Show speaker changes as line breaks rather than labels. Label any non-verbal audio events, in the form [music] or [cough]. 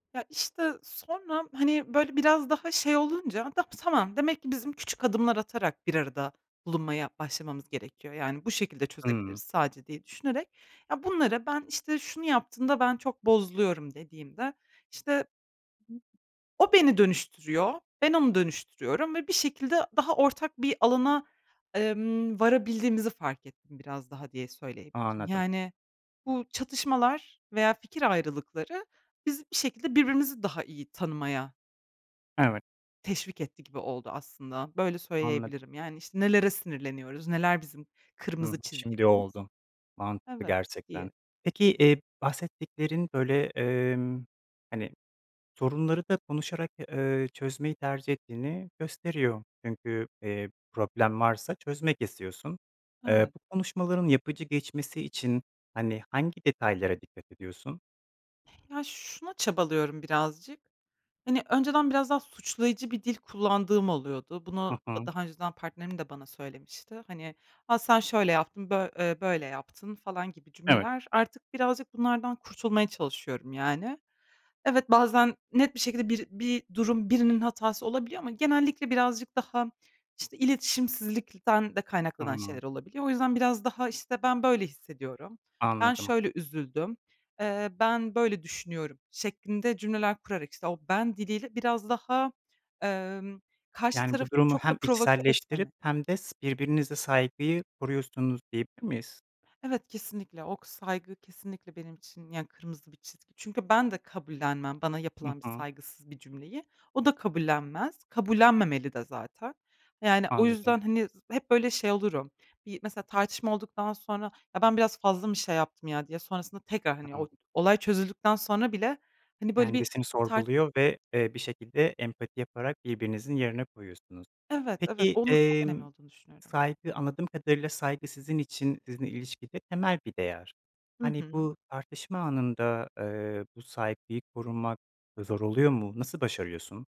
Ya, işte, sonra, hani, böyle biraz daha şey olunca [unintelligible] tamam, demek ki bizim küçük adımlar atarak bir arada bulunmaya başlamamız gerekiyor. Yani, bu şekilde çözebiliriz
Hımm.
sadece diye düşünerek, ya bunları "Ben işte şunu yaptığında ben çok bozuluyorum" dediğimde, işte, o beni dönüştürüyor, ben onu dönüştürüyorum ve bir şekilde daha ortak bir alana, emm, varabildiğimizi fark ettim biraz daha diye söyleyebilirim.
Anladım.
Yani, bu çatışmalar veya fikir ayrılıkları bizi bir şekilde birbirimizi daha iyi tanımaya
Evet.
teşvik etti gibi oldu aslında. Böyle
Anladım.
söyleyebilirim. Yani, işte, nelere sinirleniyoruz, neler bizim
Hı hı,
kırmızı
şimdi
çizgilerimiz.
oldu. Mantıklı
Evet,
gerçekten.
diye
Peki, eee, bahsettiklerin, böyle, emm, hani, sorunları da konuşarak, eee, çözmeyi tercih ettiğini gösteriyor. Çünkü, eee, problem varsa çözmek istiyorsun. Eee,
Evet.
bu konuşmaların yapıcı geçmesi için hani, hangi detaylara dikkat ediyorsun?
Ya, şuna çabalıyorum birazcık, hani, önceden biraz daha suçlayıcı bir dil kullandığım oluyordu.
Hı
Bunu da
hı.
daha önceden partnerim de bana söylemişti. Hani, a, sen şöyle yaptın, bö eee, böyle yaptın falan gibi
Evet.
cümleler. Artık birazcık bunlardan kurtulmaya çalışıyorum, yani. Evet, bazen net bir şekilde bir bir durum birinin hatası olabiliyor ama genellikle birazcık daha, işte, iletişimsizlikten de kaynaklanan
Hıı.
şeyler olabiliyor. O yüzden biraz daha, işte, "Ben böyle hissediyorum, ben
Anladım.
şöyle üzüldüm, eee, ben böyle düşünüyorum" şeklinde cümleler kurarak, işte, o ben diliyle biraz daha, emm, karşı
Yani, bu
tarafı
durumu
çok da
hem
provoke
içselleştirip
etmeme.
hem de s birbirinize saygıyı koruyorsunuz diyebilir miyiz?
Evet kesinlikle. O kı saygı kesinlikle benim için yani kırmızı bir çizgi. Çünkü ben de kabullenmem bana
Hı
yapılan bir
hı.
saygısız bir cümleyi. O da kabullenmez. Kabullenmemeli de zaten. Yani, o
Anladım.
yüzden hani, z hep böyle şey olurum, yi mesela tartışma olduktan sonra ya ben biraz fazla mı şey yaptım ya diye sonrasında tekrar, hani, o
[unintelligible]
olay çözüldükten sonra bile hani böyle bir
Kendisini
tar
sorguluyor ve, eee, bir şekilde empati yaparak birbirinizin yerine koyuyorsunuz.
Evet, evet.
Peki,
Onun çok önemli
emm,
olduğunu düşünüyorum.
saygı anladığım kadarıyla saygı sizin için, sizinle ilişkide temel bir değer.
Hı
Hani,
hı.
bu tartışma anında, eee, bu saygıyı korumak zor oluyor mu? Nasıl başarıyorsun?